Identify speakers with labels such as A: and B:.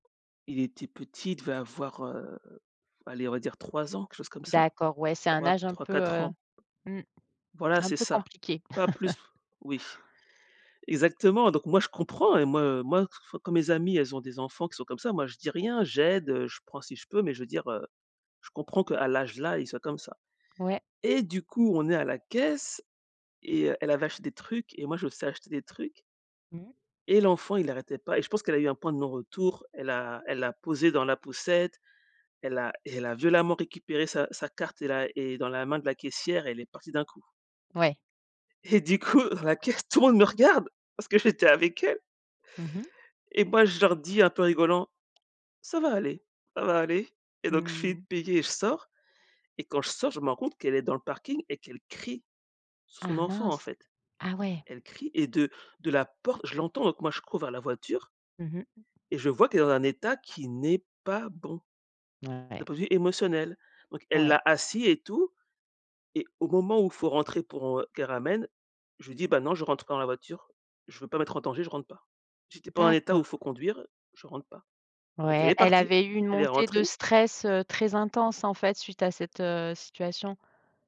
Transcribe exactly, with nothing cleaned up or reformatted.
A: Il était petit, il devait avoir, heu, allez on va dire trois ans quelque chose comme ça,
B: D'accord, ouais c'est un
A: troi
B: âge un
A: trois
B: peu,
A: quatre
B: heu
A: ans.
B: mmh
A: Voilà
B: un
A: c'est
B: peu
A: ça,
B: compliqué.
A: pas plus, oui. Exactement donc moi je comprends et moi, heu moi f quand mes amis elles ont des enfants qui sont comme ça, moi je dis rien, j'aide, heu, je prends si je peux. Mais je veux dire, heu, je comprends qu'à l'âge là, ils soient comme ça
B: Ouais.
A: et du coup on est à la caisse et heu, elle avait acheté des trucs et moi je me suis acheter des trucs
B: Mmh.
A: et l'enfant il arrêtait pas et je pense qu'elle a eu un point de non retour, elle a elle l'a posé dans la poussette. Elle a et elle a violemment récupéré sa sa carte et la et dans la main de la caissière et elle est partie d'un coup
B: Ouais.
A: et du coup, à la caisse, tout le monde me regarde! Parce que j'étais avec elle
B: Mmh mh.
A: et moi je leur dis un peu en rigolant: «Ça va aller, ça va aller» et donc je finis
B: Mmh.
A: de payer et je sors et quand je sors, je me rends compte qu'elle est dans le parking et qu'elle crie sur son
B: Ah
A: enfant en
B: mince!
A: fait.
B: Ah ouais.
A: Elle crie et de de la porte je l'entends, donc moi je cours vers la voiture
B: Mmh mh.
A: et je vois qu'elle est dans un état qui n'est pas bon, d'un
B: Ouais.
A: point de vue émotionnel. Donc elle
B: Ouais.
A: l'a assis et tout et au moment où il faut rentrer pour, heu, qu'elle ramène, je lui dis: «Bah non je rentre pas dans la voiture, je veux pas mettre en danger, je rentre pas. Si tu es pas en état où il
B: D'accord.
A: faut conduire, je rentre pas». Donc elle
B: Ouais,
A: est
B: elle
A: partie,
B: avait eu une
A: elle est
B: montée de
A: rentrée.
B: stress, heu, très intense en fait suite à cette, heu, situation.